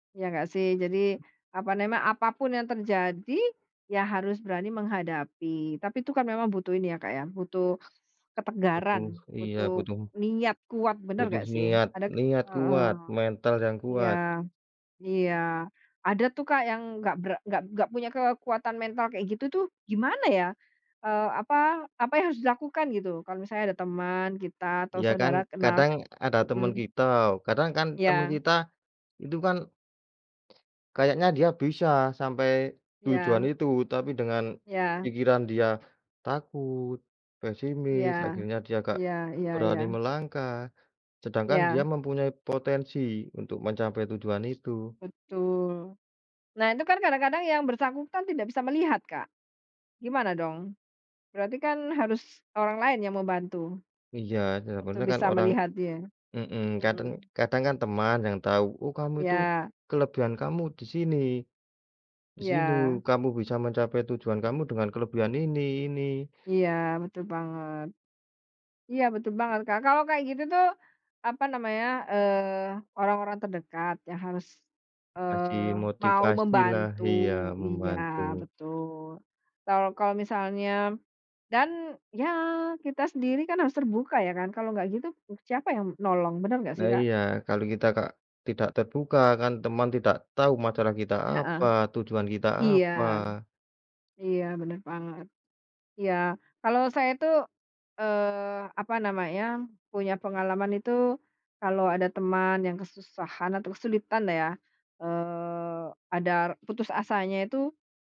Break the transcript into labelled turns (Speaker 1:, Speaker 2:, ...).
Speaker 1: Ya nggak sih, jadi, apa nema apapun yang terjadi, ya harus berani menghadapi, tapi itu kan memang butuh ini ya Kak ya, butuh
Speaker 2: Betul.
Speaker 1: ketegaran.
Speaker 2: Iya,
Speaker 1: Butuh
Speaker 2: butuh.
Speaker 1: niat kuat, benar,
Speaker 2: Butuh
Speaker 1: nggak sih?
Speaker 2: niat,
Speaker 1: Ada
Speaker 2: niat
Speaker 1: heeh.
Speaker 2: kuat, mental yang
Speaker 1: Iya
Speaker 2: kuat.
Speaker 1: iya. Ada tuh Kak yang nggak ber nggak nggak punya kekuatan mental kayak gitu tuh, gimana ya, eee, apa apa yang harus dilakukan gitu, kalau misalnya ada teman kita, atau
Speaker 2: Ya kan,
Speaker 1: saudara kenal?
Speaker 2: kadang ada teman
Speaker 1: Mhm.
Speaker 2: kita, kadang kan teman
Speaker 1: Ya.
Speaker 2: kita, itu kan kayaknya dia bisa sampai tujuan
Speaker 1: Ya.
Speaker 2: itu, tapi dengan
Speaker 1: Ya.
Speaker 2: pikiran dia, takut, pesimis,
Speaker 1: Ya.
Speaker 2: akhirnya dia nggak
Speaker 1: Iya iya
Speaker 2: berani
Speaker 1: iya.
Speaker 2: melangkah. Sedangkan dia
Speaker 1: Iya.
Speaker 2: mempunyai potensi untuk mencapai tujuan itu.
Speaker 1: Betul. Nah, itu kan kadang-kadang yang bersangkutan tidak bisa melihat Kak, gimana dong, berarti kan harus orang lain yang membantu.
Speaker 2: Iya,
Speaker 1: Untuk
Speaker 2: sebenarnya kan
Speaker 1: bisa
Speaker 2: orang
Speaker 1: melihat dia.
Speaker 2: mhm, kadang
Speaker 1: Mhm.
Speaker 2: kadang kan teman yang tahu, "Oh, kamu itu,
Speaker 1: Iya.
Speaker 2: kelebihan kamu di sini. Di sini.
Speaker 1: Iya.
Speaker 2: Kamu bisa mencapai tujuan kamu dengan kelebihan ini ini."
Speaker 1: Iya, betul banget. Iya, betul banget Kak. Kalau kayak gitu tuh, apa namanya, eee, orang-orang terdekat yang harus,
Speaker 2: Kasih
Speaker 1: eee, mau
Speaker 2: motivasi lah
Speaker 1: membantu
Speaker 2: iya,
Speaker 1: iya,
Speaker 2: membantu.
Speaker 1: betul. Kal kalau misalnya dan ya kita sendiri kan harus terbuka ya kan. Kalau nggak gitu, siapa yang menolong, benar nggak sih
Speaker 2: Lah
Speaker 1: Kak?
Speaker 2: iya. Kalau kita nggak, tidak terbuka, kan teman tidak tahu masalah kita
Speaker 1: Heeh.
Speaker 2: apa, tujuan kita
Speaker 1: Iya.
Speaker 2: apa.
Speaker 1: Iya, benar banget. Iya. Kalau saya itu, eee, apa namanya, punya pengalaman itu, kalau ada teman yang kesusahan atau kesulitan lah ya. Eee, ada putus asanya itu